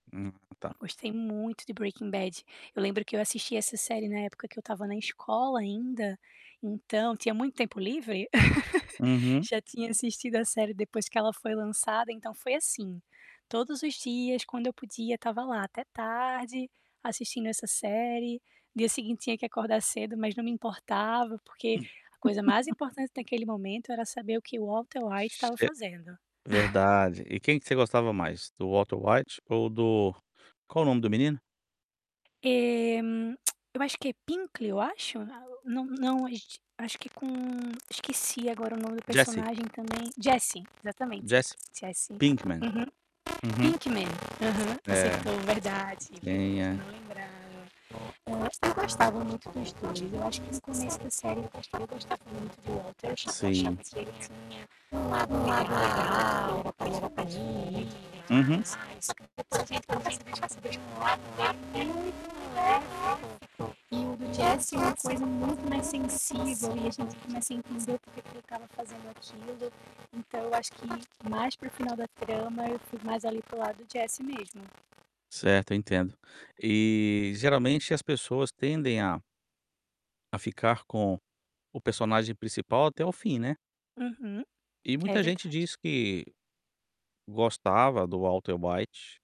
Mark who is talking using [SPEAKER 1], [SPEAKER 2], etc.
[SPEAKER 1] Hum, tá.
[SPEAKER 2] Gostei muito de Breaking Bad, eu lembro que eu assisti essa série na época que eu estava na escola ainda, então, tinha muito tempo livre.
[SPEAKER 1] Uhum.
[SPEAKER 2] Já tinha assistido a série depois que ela foi lançada então foi assim, todos os dias, quando eu podia eu estava lá até tarde, assistindo essa série, dia seguinte tinha que acordar cedo, mas não me importava, porque
[SPEAKER 1] Hum.
[SPEAKER 2] a coisa mais importante naquele momento era saber o que o Walter White estava
[SPEAKER 1] Ce
[SPEAKER 2] fazendo.
[SPEAKER 1] verdade. E quem que você gostava mais? Do Walter White ou do qual o nome do menino?
[SPEAKER 2] É eu acho que é. Pinkle, eu acho? Não não, acho que com esqueci agora o nome do
[SPEAKER 1] Jessie.
[SPEAKER 2] personagem também, Jessie, exatamente.
[SPEAKER 1] Jessie
[SPEAKER 2] Jesse.
[SPEAKER 1] Pinkman.
[SPEAKER 2] Uhum.
[SPEAKER 1] Uhum.
[SPEAKER 2] Pinkman, uhum.
[SPEAKER 1] É,
[SPEAKER 2] Acertou, verdade. Eu
[SPEAKER 1] senha.
[SPEAKER 2] não lembrava. [unintelligible]
[SPEAKER 1] Sim. Uhum.
[SPEAKER 2] E o Jesse uma coisa muito mais sensível [unintelligible] Ficava fazendo aquilo. Então eu acho que mais para o final da trama eu fui mais ali para o lado do Jesse mesmo.
[SPEAKER 1] Certo, eu entendo. E geralmente as pessoas tendem a a ficar com o personagem principal até o fim, né?
[SPEAKER 2] Uhum,
[SPEAKER 1] E
[SPEAKER 2] é
[SPEAKER 1] muita gente
[SPEAKER 2] verdade.
[SPEAKER 1] diz que gostava do Walter White